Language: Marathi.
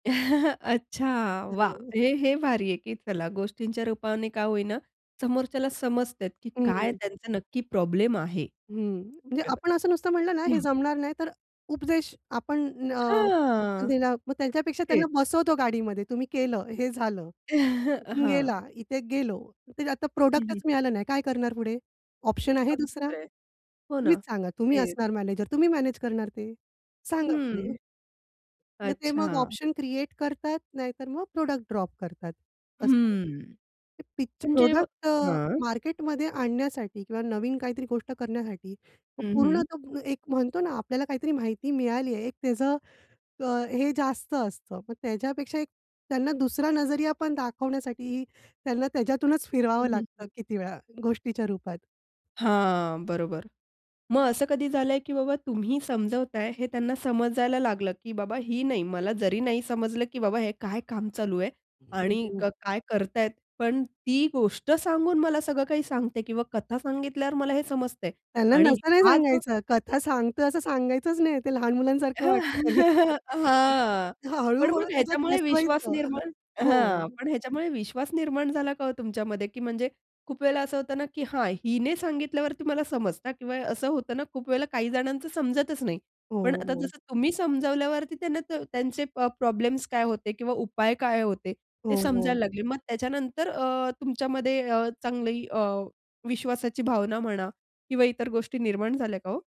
अच्छा. वाह! [unintelligible] हे हे भारी आहे, की चला गोष्टींच्या रूपाने का होई ना समोरच्याला समजते की काय हं. त्यांचा नक्की प्रॉब्लेम आहे. हं. म्हणजे बरोबर. आपण असं नुसतं म्हणलं ना हे हं. जमणार नाही, तर अ, उपदेश आपण अ, [unintelligible] मग हां, ते ना त्यांच्यापेक्षा त्यांना तेच. बसवतो गाडीमध्ये तुम्ही केलं हे झालं. इथून हां. गेला, इथे गेलो, ते आता हं, हं. प्रॉडक्टच मिळालं नाही. काय करणार पुढे? ऑप्शन आहे अगदी दुसरा? खरं आहे. हो ना तुम्हीच सांगा तुम्ही तेच. असणार मॅनेजर तुम्ही मॅनेज करणार ते सांगा पुढे. हं. मग ते मग अच्छा. ऑप्शन क्रिएट करतात, नाहीतर मग प्रॉडक्ट ड्रॉप करतात असं आहे. हं. पिच जेव्हा प्रॉडक्ट अ, हां. मार्केटमध्ये आणण्यासाठी किंवा नवीन काहीतरी गोष्ट करण्यासाठी मग हं, हं. पूर्णतः एक म्हणतो ना आपल्याला काहीतरी माहिती मिळाली आहे एक त्याचं अ, हे जास्त असतं. मग त्याच्यापेक्षा एक त्यांना दुसरा नजरिया पण दाखवण्यासाठी त्यांना त्याच्यातूनच हं, फिरवावं हं, हं. लागतं किती वेळा गोष्टीच्या रूपात. हां, बरोबर. मग असं कधी झालंय, की बाबा तुम्ही समजवताय हे त्यांना समजायला लागलं, की बाबा ही नाही मला जरी नाही समजलं, की बाबा हे काय काम चालू आहे आणि क [unintelligible] काय करतायेत पण ती गोष्ट सांगून मला सगळं काही सांगते किंवा कथा सांगितल्यावर मला हे समजतंय. त्यांना आणि तस नाही हा जो सांगायचं, कथा सांगतो असं सांगायचंच नाही ते लहान मुलांसारखं वाटतं त्यांना. अ, हां पण हळू-हळू मग त्याच्यात ह्याच्यामुळे विश्वास बसवायचं. निर्माण हां. हो. पण ह्याच्यामुळे विश्वास निर्माण झाला का हो तुमच्यामध्ये की म्हणजे खूप वेळेला असं होतं ना की हां, हिने सांगितल्यावरती मला समजता किंवा असं होतं ना खूप वेळेला काही जणांचं समजतच नाही हो, पण आता हो. जसं तुम्ही समजावल्यावरती त्यांना त त्यांचे प प्रॉब्लेम्स काय होते किंवा उपाय काय होते ते हो, समजायला हो. लागले मग त्याच्यानंतर अ, तुमच्यामध्ये अ, चांगली अ, विश्वासाची भावना म्हणा किंवा इतर गोष्टी निर्माण झाल्या का हो?